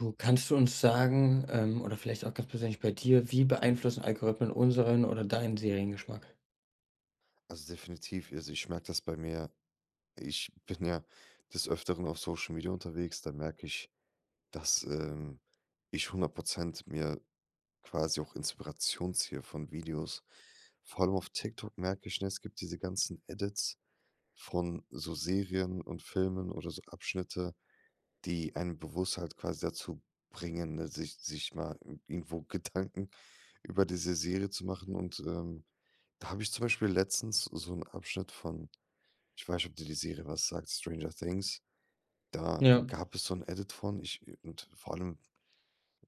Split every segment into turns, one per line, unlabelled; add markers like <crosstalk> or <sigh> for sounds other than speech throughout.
So, kannst du uns sagen ähm, oder vielleicht auch ganz persönlich bei dir, wie beeinflussen Algorithmen unseren oder deinen Seriengeschmack?
Also, definitiv, ja, also, ich merke das bei mir. Ich bin ja des Öfteren auf Social Media unterwegs, da merke ich, dass, ähm, ich 100 % mir quasi auch Inspiration ziehe von Videos. Vor allem auf TikTok merke ich, ne, es gibt diese ganzen Edits von so Serien und Filmen oder so Abschnitte, die einen bewusst halt quasi dazu bringen, ne, sich sich mal i irgendwo Gedanken über diese Serie zu machen. Und, ähm, da habe ich zum Beispiel letztens so 'n Abschnitt von ich weiß nicht, ob dir die Serie was sagt: „Stranger Things“? Da
Ja.
gab es so 'n Edit von. Ich äh, und vor allem,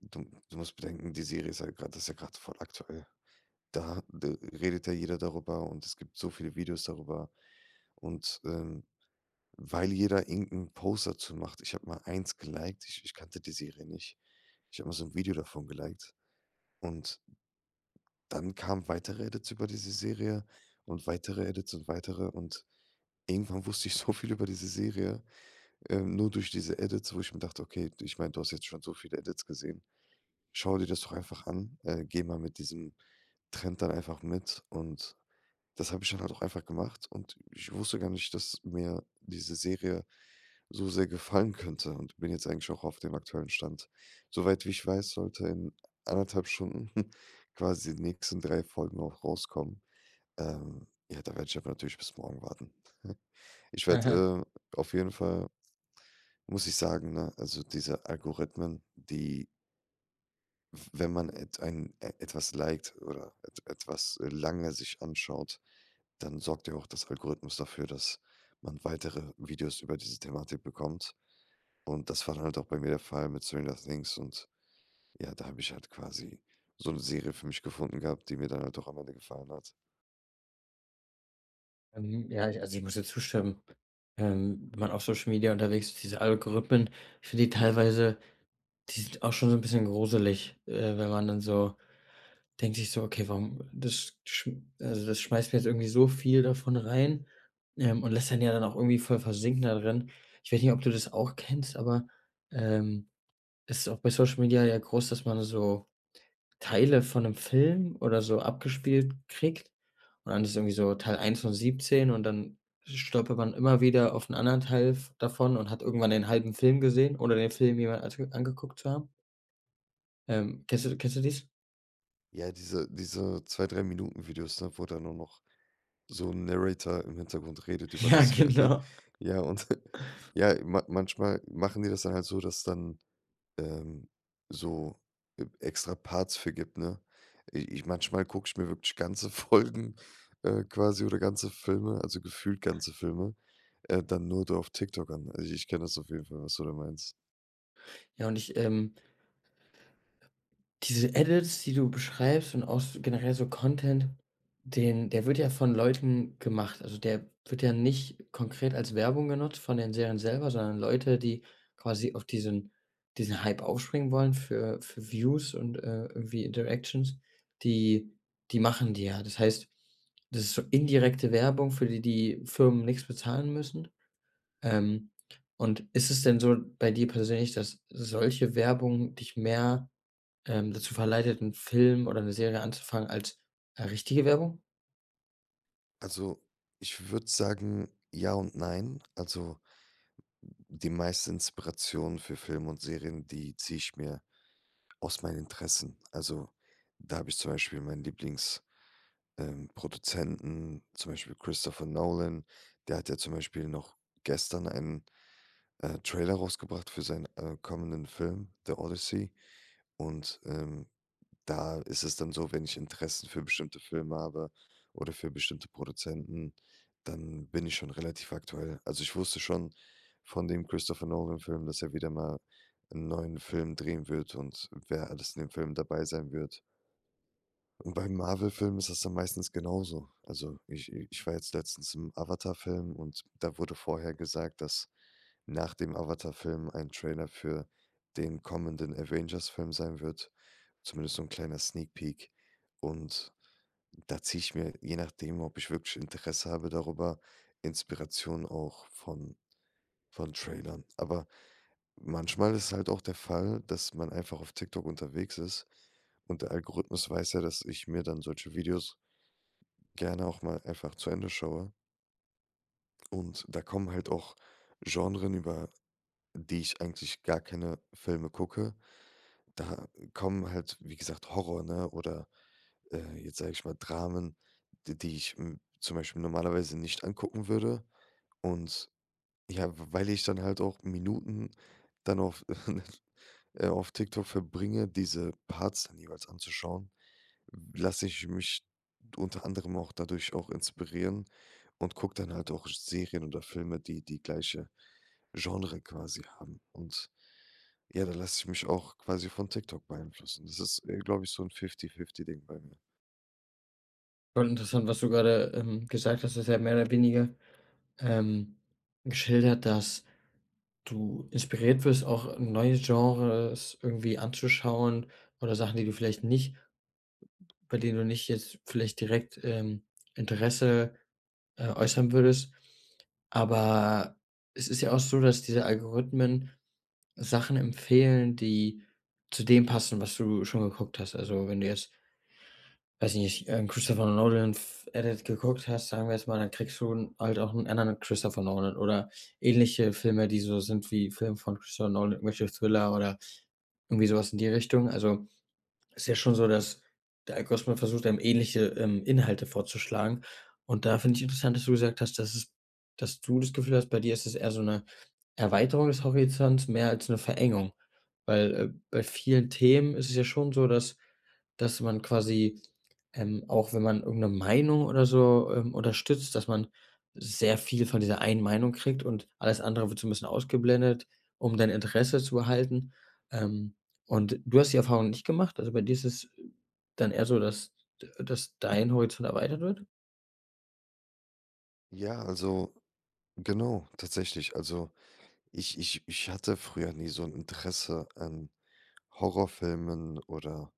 du du musst bedenken, die Serie ist halt grad das ist ja grad voll aktuell. Da d redet ja jeder darüber, und es gibt so viele Videos darüber. Und, ähm, weil jeder irgend 'n Post dazu macht ich habe mal eins geliked, ich ich kannte die Serie nicht. Ich habe mal so 'n Video davon geliked. Und dann kamen weitere Edits über diese Serie und weitere Edits und weitere. Und irgendwann wusste ich so viel über diese Serie, ähm, nur durch diese Edits, wo ich mir dachte: „Okay, ich meine, du hast jetzt schon so viele Edits gesehen. Schau dir das doch einfach an, äh, geh mal mit diesem Trend dann einfach mit.“ Und das habe ich dann halt auch einfach gemacht. Und ich wusste gar nicht, dass mir diese Serie so sehr gefallen könnte und bin jetzt eigentlich auch auf dem aktuellen Stand. Soweit wie ich weiß, sollte in 1,5 Stunden <snorts> quasi die nächsten 3 Folgen auch rauskommen. Ähm, ja, da werde ich aber natürlich bis morgen warten. <chuckles> Ich
Aha.
werde, äh, auf jeden Fall muss ich sagen, ne, also, diese Algorithmen, die w wenn man etw ein etwas liked oder et etwas, äh, lange sich anschaut, dann sorgt ja auch das Algorithmus dafür, dass man weitere Videos über diese Thematik bekommt. Und das war dann halt auch bei mir der Fall mit „Stranger Things“. Und ja, da habe ich halt quasi so 'ne Serie für mich gefunden gehabt, die mir dann halt auch am Ende gefallen hat.
Mhm, ja, also, ich muss dir zustimmen. Ähm, wenn man auf Social Media unterwegs ist diese Algorithmen, ich finde die teilweise die sind auch schon so 'n bisschen gruselig. Äh, wenn man dann so denkt sich so, okay, warum das schm also, das schmeißt mir jetzt irgendwie so viel davon rein, ähm, und lässt einen ja dann auch irgendwie voll versinken da drin. Ich weiß nicht, ob du das auch kennst, aber, ähm, es ist auch bei Social Media ja groß, dass man so Teile von 'nem Film oder so abgespielt kriegt. Und dann ist irgendwie so Teil 1 von 17 und dann stolpert man immer wieder auf 'n anderen Teil v davon und hat irgendwann den halben Film gesehen ohne den Film jemals ans angeguckt zu haben. Ähm, kennst du kennst du dies?
Ja, diese diese 2, 3 Minuten-Videos, ne, wo da nur noch so 'n Narrator im Hintergrund redet über
Ja,
das V <chuckles>
genau.
Ja, und <chuckles> ja, ma manchmal machen die das dann halt so, dass dann, ähm, so e extra Parts für gibt, ne? I ich manchmal gucke ich mir wirklich ganze Folgen, äh, quasi oder ganze Filme, also, gefühlt ganze Filme, äh, dann nur do auf TikTok an. Also, ich kenne das auf jeden Fall, was du da meinst.
Ja, und ich, ähm Diese Edits, die du beschreibst und auch so generell so Content, den der wird ja von Leuten gemacht. Also, der wird ja nicht konkret als Werbung genutzt von den Serien selber, sondern Leute, die quasi auf diesen diesen Hype aufspringen wollen für für Views und, äh, irgendwie Interactions, die die machen die ja. Das heißt, das ist so indirekte Werbung, für die die Firmen nix bezahlen müssen. Ähm. Und ist es denn so bei dir persönlich, dass solche Werbung dich mehr, ähm, dazu verleitet, 'n Film oder 'ne Serie anzufangen als, äh, richtige Werbung?
Also, ich würde sagen, ja und nein. Also die meisten Inspirationen für Film und Serien, die ziehe ich mir aus meinen Interessen. Also, da habe ich zum Beispiel meinen Lieblings äh, Produzenten, zum Beispiel Christopher Nolan. Der hat ja zum Beispiel noch gestern einen, äh, Trailer rausgebracht für seinen, äh, kommenden Film „The Odyssey“. Und, ähm, da ist es dann so, wenn ich Interessen für bestimmte Filme habe oder für bestimmte Produzenten, dann bin ich schon relativ aktuell. Also, ich wusste schon von dem Christopher-Nolan-Film, dass er wieder mal 'n neuen Film drehen wird und wer alles in dem Film dabei sein wird. Und beim Marvel-Film ist das dann meistens genauso. Also, ich ich war jetzt letztens im Avatar-Film, und da wurde vorher gesagt, dass nach dem Avatar-Film ein Trailer für den kommenden Avengers-Film sein wird, zumindest so 'n kleiner Sneak Peak. Und da ziehe ich mir, je nachdem, ob ich wirklich Interesse habe darüber, Inspiration auch von von Trailern. Aber manchmal ist es halt auch der Fall, dass man einfach auf TikTok unterwegs ist. Und der Algorithmus weiß ja, dass ich mir dann solche Videos gerne auch mal einfach zu Ende schaue. Und da kommen halt auch Genren, über die ich eigentlich gar keine Filme gucke. Da kommen halt, wie gesagt, Horror, ne, oder, äh, jetzt sage ich mal, Dramen, die die ich, hm, zum Beispiel normalerweise nicht angucken würde. Und, ja, w weil ich dann halt auch Minuten dann auf, <chuckles> äh auf TikTok verbringe, diese Parts dann jeweils anzuschauen, w lasse ich mich unter anderem auch dadurch auch inspirieren und gucke dann halt auch Serien oder Filme, die die gleiche Genre quasi haben. Und ja, da lasse ich mich auch quasi von TikTok beeinflussen. Das ist, äh, glaube ich, so 'n Fifty Fifty Ding bei mir.
Voll interessant, was du grade, ähm, gesagt hast, du hast ja mehr oder weniger, ähm, geschildert, dass du inspiriert wirst, auch neue Genres irgendwie anzuschauen oder Sachen, die du vielleicht nicht bei denen du nicht jetzt vielleicht direkt, ähm, Interesse, äh, äußern würdest. Aber es ist ja auch so, dass diese Algorithmen Sachen empfehlen, die zu dem passen, was du schon geguckt hast. Also, wenn du jetzt weiß ich nicht, äh, 'n Christopher Nolan F Edit geguckt hast, sagen wir jetzt mal, dann kriegst du 'n halt auch 'n anderen Christopher Nolan oder ähnliche Filme, die so sind wie Film von Christopher Nolan, irgendwelche Thriller oder irgendwie so was in die Richtung. Also, ist ja schon so, dass der Algorithmus versucht einem, ähnliche, ähm, Inhalte vorzuschlagen. Und da finde ich interessant, dass du gesagt hast, dass es dass du das Gefühl hast, bei dir ist das eher so 'ne Erweiterung des Horizonts, mehr als 'ne Verengung. Weil, äh, bei vielen Themen ist es ja schon so, dass dass man quasi ähm, auch, wenn man irgend 'ne Meinung oder so, ähm, unterstützt, dass man sehr viel von dieser einen Meinung kriegt und alles andere wird so 'n bisschen ausgeblendet, um dein Interesse zu erhalten. Ähm, und du hast die Erfahrung nicht gemacht, also bei dir ist es dann eher so, dass dass dein Horizont erweitert wird?
Ja, also, genau, tatsächlich. Also, ich ich ich hatte früher nie so 'n Interesse an Horrorfilmen oder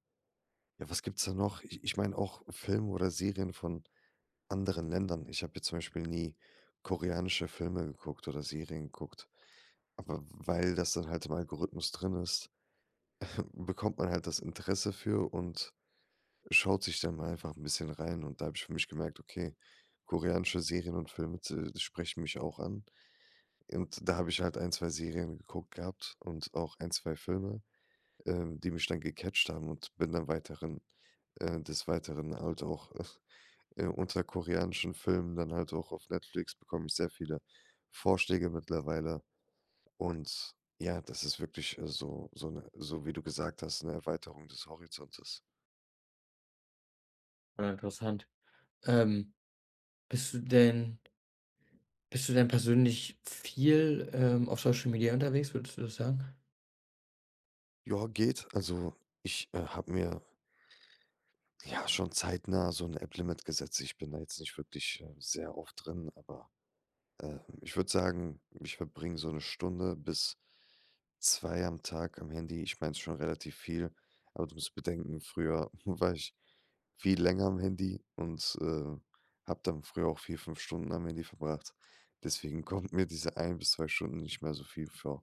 ja, was gibt's da noch? Ich ich meine auch Filme oder Serien von anderen Ländern. Ich habe hier zum Beispiel nie koreanische Filme geguckt oder Serien geguckt. Aber w w weil das dann halt im Algorithmus drin ist, <chuckles> bekommt man halt das Interesse für und schaut sich dann einfach 'n bisschen rein. Und da habe ich für mich gemerkt: „Okay, koreanische Serien und Filme z äh, sprechen mich auch an.“ Und da habe ich halt ein, 2 Serien geguckt gehabt und auch ein, 2 Filme, ähm, die mich dann gecatcht haben und bin dann weiteren, äh des Weiteren halt auch, <chuckles> äh, unter koreanischen Filmen dann halt auch auf Netflix bekomme ich sehr viele Vorschläge mittlerweile. Und, ja, das ist wirklich, äh, so so 'ne so wie du gesagt hast, 'ne Erweiterung des Horizontes.
Äh, interessant. Ähm. Bist du denn Bist du denn persönlich viel, ähm, auf Social Media unterwegs? Würdest du das sagen?
Ja, geht. Also, ich, äh, habe mir ja schon zeitnah so 'n App-Limit gesetzt. Ich bin da jetzt nicht wirklich, ähm, sehr oft drin, aber, ähm, ich würde sagen, ich verbringe so 1 Stunde bis 2 am Tag am Handy. Ich meine, es ist schon relativ viel, aber du musst bedenken, früher war ich viel länger am Handy und, ähm, habe dann früher auch 4, 5 Stunden am Handy verbracht. Deswegen kommt mir diese 1 bis 2 Stunden nicht mehr so viel vor.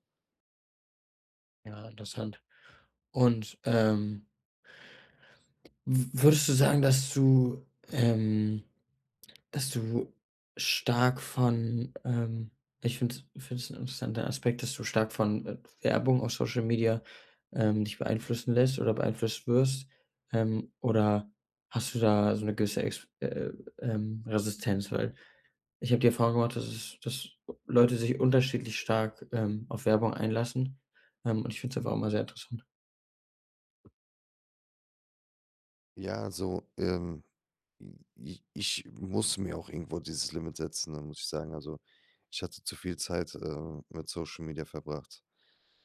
Ja, interessant und, ähm w würdest du sagen, dass du, ähm dass du stark von, ähm, ich finde es finde es 'n interessanter Aspekt, dass du stark von, äh, Werbung auf Social-Media, ähm, dich beeinflussen lässt oder beeinflusst wirst, ähm, oder hast du da so 'ne gewisse ex äh, ähm, Resistenz? Weil, ich habe dir vorgemacht, dass es dass Leute sich unterschiedlich stark, ähm, auf Werbung einlassen, ähm, und ich finde es einfach immer sehr interessant.
Ja, so, ähm, i ic ich muss mir auch irgendwo dieses Limit setzen, ne, muss ich sagen. Also, ich hatte zu viel Zeit, äh, mit Social Media verbracht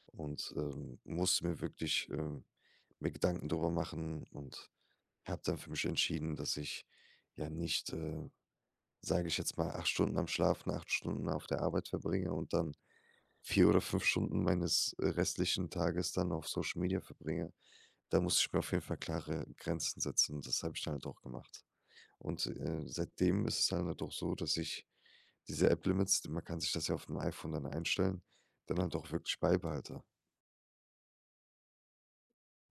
und, ähm, musste mir wirklich, äh mir Gedanken darüber machen und habe dann für mich entschieden, dass ich ja nicht, äh, sage ich jetzt mal, 8 Stunden am Schlaf und 8 Stunden auf der Arbeit verbringe und dann 4 oder 5 Stunden meines, äh, restlichen Tages dann auf Social Media verbringe. Da musste ich mir auf jeden Fall klare Grenzen setzen. Und das habe ich dann halt auch gemacht. Und, äh, seitdem ist es dann halt auch so, dass ich diese App-Limits, d man kann sich das ja aufm iPhone dann einstellen, dann halt auch wirklich beibehalte.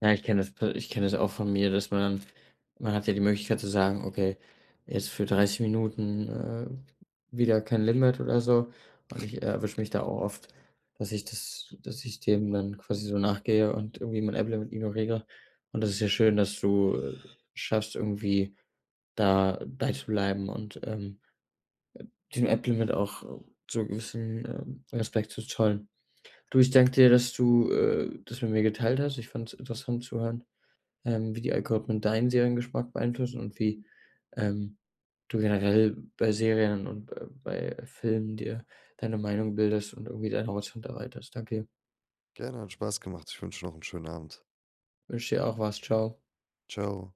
Ja, ich kenne das p ich kenne das auch von mir, dass man man hat ja die Möglichkeit zu sagen: „Okay, jetzt für 30 Minuten, äh, wieder kein Limit oder so.“ Und ich erwische mich da auch oft, dass ich das dass ich dem dann quasi so nachgehe und irgendwie mein App-Limit ignoriere. Und das ist ja schön, dass du schaffst irgendwie, da bei zu bleiben und, ähm, äh, dem App-Limit auch so 'n gewissen, ähm, Respekt zu zollen. Du, ich danke dir, dass du, äh, das mit mir geteilt hast. Ich fand es interessant zu hören, ähm, wie die Algorithmen deinen Seriengeschmack beeinflussen und wie, ähm, du generell bei Serien und be bei Filmen dir deine Meinung bildest und irgendwie deinen Horizont erweiterst. Danke dir.
Gerne, hat Spaß gemacht. Ich wünsche dir noch 'n schönen Abend.
Wünsche dir auch was. Tschau.
Tschau.